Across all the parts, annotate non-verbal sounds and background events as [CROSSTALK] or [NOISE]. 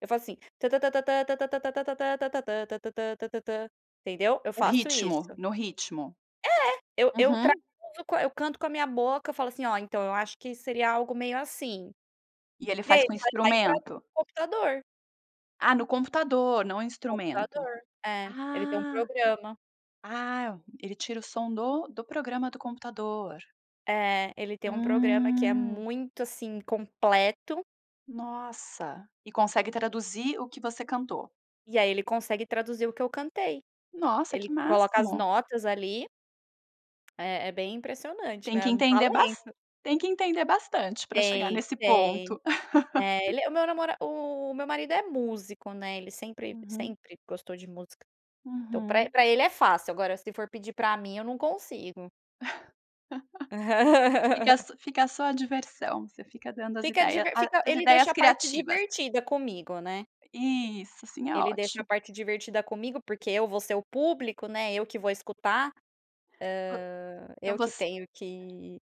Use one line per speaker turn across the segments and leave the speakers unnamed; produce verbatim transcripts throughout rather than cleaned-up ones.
Eu falo assim tan-tan-tan-tan-tan-tan-tan-tan-tan-tan-tan-tan-tan-tan-tan-tan-tan-tan, entendeu? Eu
O
faço
ritmo,
isso.
no ritmo.
É, eu eu eu
Uhum.
traduzo eu canto com a minha boca, eu falo assim "Olha, então, eu acho que seria algo meio assim",
E ele
e aí
faz com
ele vai lá e traduz
instrumento?
no computador.
Ah, no computador não instrumento.
Computador. É, ele tem um
Ah,
programa.
ah, ele tira o som do do programa do computador.
É, ele tem um programa que é
Hum.
muito, assim, completo.
Nossa e consegue traduzir o que você cantou?
E aí ele consegue traduzir o que eu cantei.
Nossa
Ele
que
coloca as
máximo.
notas ali é, é bem impressionante,
Tem que
né, um
entender bas
talento.
tem que entender bastante para chegar
Tem,
nesse
tem.
ponto.
É
[CHUCKLES]
ele o meu namora o meu marido é músico, né, ele sempre,
Uhum.
sempre gostou de música. Então, pra
Uhum.
pra ele é fácil, agora se for pedir pra mim eu não consigo.
[CHUCKLES] Fica
[LAUGHS]
fica só a diversão, você fica dando as
Fica
ideia
diver
a
fica
as
ele deixa
ideias
a parte
criativas.
divertida comigo, né.
Isso, assim é
Ele deixa a
ótimo.
parte divertida comigo, porque eu vou ser o público, né, eu que vou escutar,
Vo
hã,
então
eu que
voc
tenho que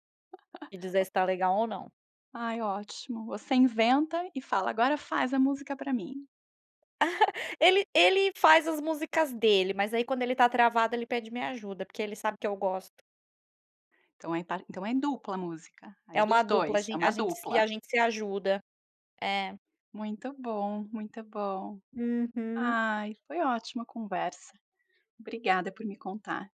que dizer
[CHUCKLES]
se tá legal ou não.
Ai ótimo, você inventa e fala agora faz a música pra mim.
[CHUCKLES] Ele ele faz as músicas dele, mas aí quando ele tá travado ele pede minha ajuda, porque ele sabe que eu gosto.
Então é par então é dupla a música, aí
É
é
uma
dos
dupla a
dois, é
gen
uma dupla.
gente se ajuda. É.
Muito bom, muito bom.
Uhum.
Ai, foi ótima a conversa. Obrigada por me contar.